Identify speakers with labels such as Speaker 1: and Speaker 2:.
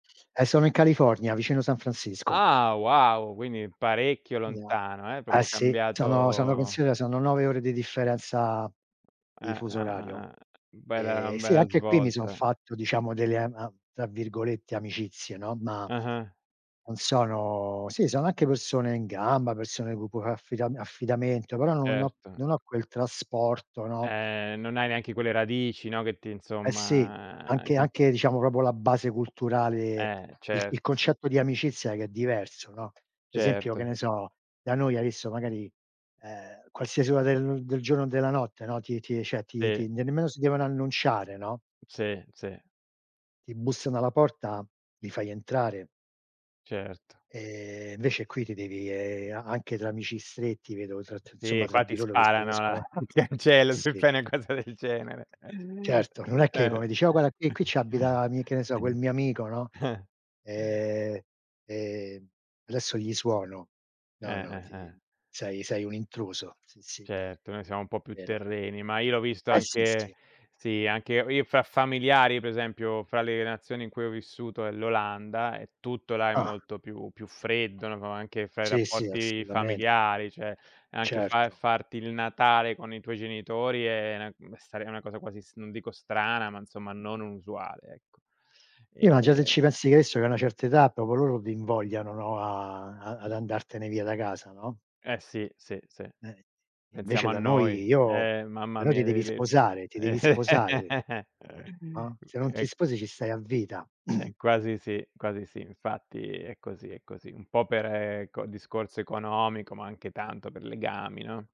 Speaker 1: Eh sono in California, vicino San Francisco.
Speaker 2: Ah, wow, quindi parecchio
Speaker 1: [unintelligible]
Speaker 2: lontano, eh,
Speaker 1: Eh
Speaker 2: proprio
Speaker 1: sì, sono sono
Speaker 2: cambiato
Speaker 1: considera, sono 9 ore di differenza
Speaker 2: Eh,
Speaker 1: di fuso
Speaker 2: eh,
Speaker 1: orario.
Speaker 2: eh, eh, bella, a
Speaker 1: Eh, sì,
Speaker 2: bella
Speaker 1: anche qui mi son
Speaker 2: svolta.
Speaker 1: fatto diciamo delle, am am tra virgolette "amicizie" no, ma
Speaker 2: Ah-ah.
Speaker 1: non sono sì sono anche persone in gamba, persone con cui a fa affida affidamento, però non ho
Speaker 2: Certo.
Speaker 1: non ho quel trasporto, no?
Speaker 2: Ehm, non hai neanche quelle radici, no, che ti
Speaker 1: Eh sì,
Speaker 2: insomma,
Speaker 1: anche
Speaker 2: con
Speaker 1: anche diciamo proprio la base culturale,
Speaker 2: Eh,
Speaker 1: il il
Speaker 2: certo.
Speaker 1: concetto di amicizia che è diverso, no? Per esempio che
Speaker 2: Certo.
Speaker 1: ne so, da noi hai visto magari, ehm, qualsiasi ora de del giorno o della notte, no, ti ti cioè ti
Speaker 2: Sì.
Speaker 1: ti nemmeno si devono annunciare, no?
Speaker 2: Sì, sì.
Speaker 1: Ti bussano alla porta, li fai entrare.
Speaker 2: Certo.
Speaker 1: Ehm, invece qui ti devi, ehm, a anche tra amici stretti vedo tr tra insomma,
Speaker 2: Sì,
Speaker 1: tra
Speaker 2: qua
Speaker 1: di
Speaker 2: ti
Speaker 1: loro che si uniscono
Speaker 2: sparano, [unintelligible] se
Speaker 1: sì.
Speaker 2: fai una cosa del genere.
Speaker 1: Certo, non è che come
Speaker 2: Eh.
Speaker 1: dici: "O guarda qui qui ci abita mi" che ne so, "quel mio amico" no? Ehm, ehm, "adesso gli suono". No,
Speaker 2: Eh,
Speaker 1: no,
Speaker 2: eh,
Speaker 1: ti
Speaker 2: eh.
Speaker 1: sei sei un intruso. Sì, sì,
Speaker 2: Certo, noi siamo un po' più
Speaker 1: vero.
Speaker 2: terreni, ma io l'ho visto
Speaker 1: Eh sì,
Speaker 2: anche
Speaker 1: sì.
Speaker 2: sì, anche ho io f fra familiari, per esempio, fra le nazioni in cui ho vissuto è l'Olanda, e tutto là è
Speaker 1: Ah.
Speaker 2: molto più più freddo, no? Anche fra i
Speaker 1: Sì, sì,
Speaker 2: rapporti
Speaker 1: assolutamente.
Speaker 2: familiari, cioè anche fa
Speaker 1: Certo.
Speaker 2: farti il Natale con i tuoi genitori è na mh, stare è una cosa quasi, mhmm, non dico strana, ma insomma non usuale, ecco,
Speaker 1: Sì, ma già se ci
Speaker 2: ehm
Speaker 1: pensi che hai visto, che a una certa età, proprio loro ti invogliano, no, a ad ad andartene via da casa, no?
Speaker 2: Eh sì, sì, sì.
Speaker 1: Eh. Invece
Speaker 2: Pensiamo a
Speaker 1: da noi
Speaker 2: noi,
Speaker 1: io
Speaker 2: eh mamma
Speaker 1: però ti
Speaker 2: mia,
Speaker 1: devi
Speaker 2: le le
Speaker 1: sposare, ti devi sposare no? Se non ti
Speaker 2: è c
Speaker 1: sposi ci stai a vita.
Speaker 2: È quasi sì, quasi sì, infatti è così, è così. Un po' per co discorso economico, ma anche tanto per legami, no?